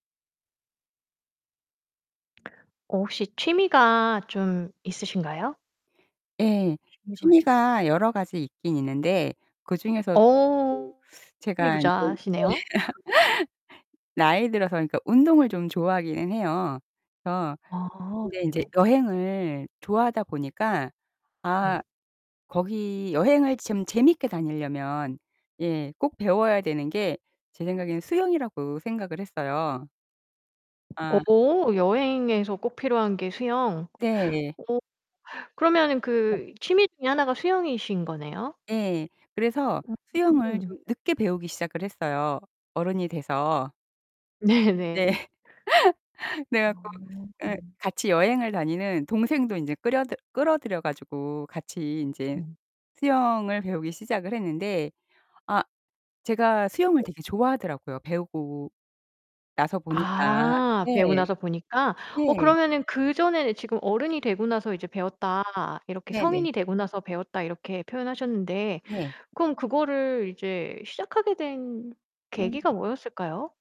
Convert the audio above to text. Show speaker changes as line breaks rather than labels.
어 혹시 취미가 좀 있으신가요?
예.
1 월.
취미가 여러 가지 있기는 있는데 그중에서 [unintelligible]
어. 취미
제가 인제 예.
부자시네요.
나이 들어서 그러니까 운동을 좀 좋아하기는 해요. 어
아
근데 인제
네네.
여행을 좋아하다 보니까
네.
아 거기 여행을 좀 재밌게 다니려면 예 꼭 배워야 되는 게 제 생각에는 수영이라고 생각을 했어요. 아.
오 여행에서 꼭 필요한 게 수영.
네.
어 그러면은
예.
그 취미 중에 하나가 수영이신 거네요?
예. 그래서 수영을
음.
좀 늦게 배우기 시작을 했어요 어른이 돼서.
네. 네.
예. 그래 갖고 예
어.
같이 여행을 다니는 동생도 인제 끌여들 끌어들여 가지고 같이 인제
네.
수영을 배우기 시작을 했는데 아 제가 수영을 되게 좋아하더라고요 배우고 나서 보니까.
아 배우고
네.
나서 보니까. 어
예.
그러면은 그전에는 지금 "어른이 되고 나서 이제 배웠다. 이렇게
네네.
성인이 되고 나서 배웠다." 이렇게 표현하셨는데
네.
그럼 그거를 이제 시작하게 된
음.
계기가 뭐였을까요?